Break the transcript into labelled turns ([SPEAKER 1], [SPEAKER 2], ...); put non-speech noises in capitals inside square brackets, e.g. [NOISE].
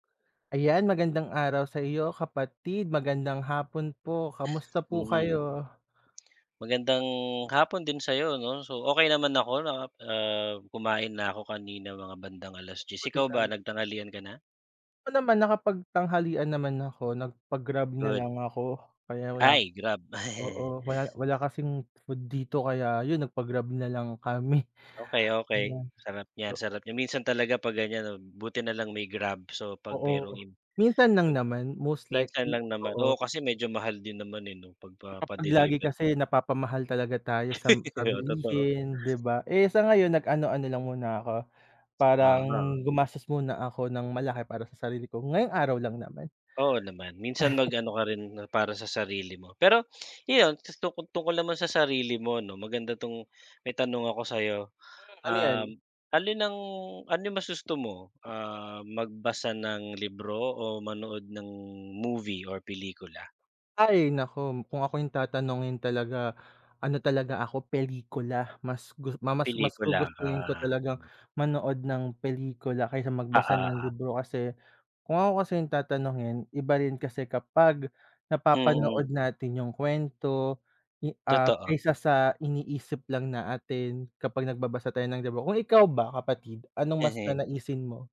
[SPEAKER 1] Ayan magandang araw saiyo kapatid, magandang hapon po, kamusta po
[SPEAKER 2] Mm.
[SPEAKER 1] kayo?
[SPEAKER 2] Magandang hapon din sa'yo 'no. So okey naman ako 'no, ah, kumain na ako kanina mga bandang 10:00
[SPEAKER 1] Buti
[SPEAKER 2] ikaw ba
[SPEAKER 1] nam
[SPEAKER 2] nagtangalihan ka na?
[SPEAKER 1] Oo naman nakapagtanghalian naman ako, nagpa grab
[SPEAKER 2] Good.
[SPEAKER 1] nalang ako kaya wala,
[SPEAKER 2] Ay grab. [CHUCKLES]
[SPEAKER 1] oo wala wala kasing food dito kaya 'yun nagpag grab nalang kami.
[SPEAKER 2] Okey,
[SPEAKER 1] [BREATH]
[SPEAKER 2] okey.
[SPEAKER 1] Ayan.
[SPEAKER 2] Sarap niyan,
[SPEAKER 1] Do
[SPEAKER 2] sarap niyan. Minsan talaga 'pag ganyan 'no, buti na lang may grab, so 'pag merong
[SPEAKER 1] Oo,
[SPEAKER 2] im
[SPEAKER 1] minsan lang
[SPEAKER 2] pag
[SPEAKER 1] naman. Most
[SPEAKER 2] minsan
[SPEAKER 1] likely,
[SPEAKER 2] lang naman.
[SPEAKER 1] oo.
[SPEAKER 2] Oo kasi medyo mahal din naman eh 'no
[SPEAKER 1] Kapag lagi
[SPEAKER 2] pagpapa-deliver.
[SPEAKER 1] kasi napapamahal talaga tayo sa
[SPEAKER 2] [LAUGHS]
[SPEAKER 1] sa
[SPEAKER 2] Oo, totoo.
[SPEAKER 1] bilihin 'di ba? Eh sa ngayon nag ano-ano lang muna ako, parang
[SPEAKER 2] Aha.
[SPEAKER 1] gumastos muna ako ng malaki para sa sarili ko. Ngayong araw lang naman.
[SPEAKER 2] Oo naman, minsan mag
[SPEAKER 1] [LAUGHS]
[SPEAKER 2] ano ka rin ng para sa sarili mo. Pero 'yun tungkol tungkol naman sa sarili mo 'no maganda 'tong, may tanong ako sa'yo.
[SPEAKER 1] Hmm, ano 'yan?
[SPEAKER 2] Um, alin ang, ano 'yung mas gusto mo, ah, magbasa ng libro o manood ng movie or pelikula?
[SPEAKER 1] Ay naku kung ako 'yung tatanungin talaga ano talaga ako pelikula, mas gu ma mas
[SPEAKER 2] Pelikula ka.
[SPEAKER 1] gugustuhin ko talagang
[SPEAKER 2] Hmm.
[SPEAKER 1] manood ng pelikula kaysa magbasa
[SPEAKER 2] Oo,
[SPEAKER 1] ng
[SPEAKER 2] oo.
[SPEAKER 1] libro. Kasi kung ako kasi 'yung tatanungin iba rin kasi kapag napapanood
[SPEAKER 2] Mm.
[SPEAKER 1] natin 'yung kwento, ah,
[SPEAKER 2] Totoo.
[SPEAKER 1] kaysa sa iniisip lang natin, kapag nagbabasa tayo ng libro. Kung ikaw ba kapatid, anong mas
[SPEAKER 2] Ehe.
[SPEAKER 1] nanaisin mo?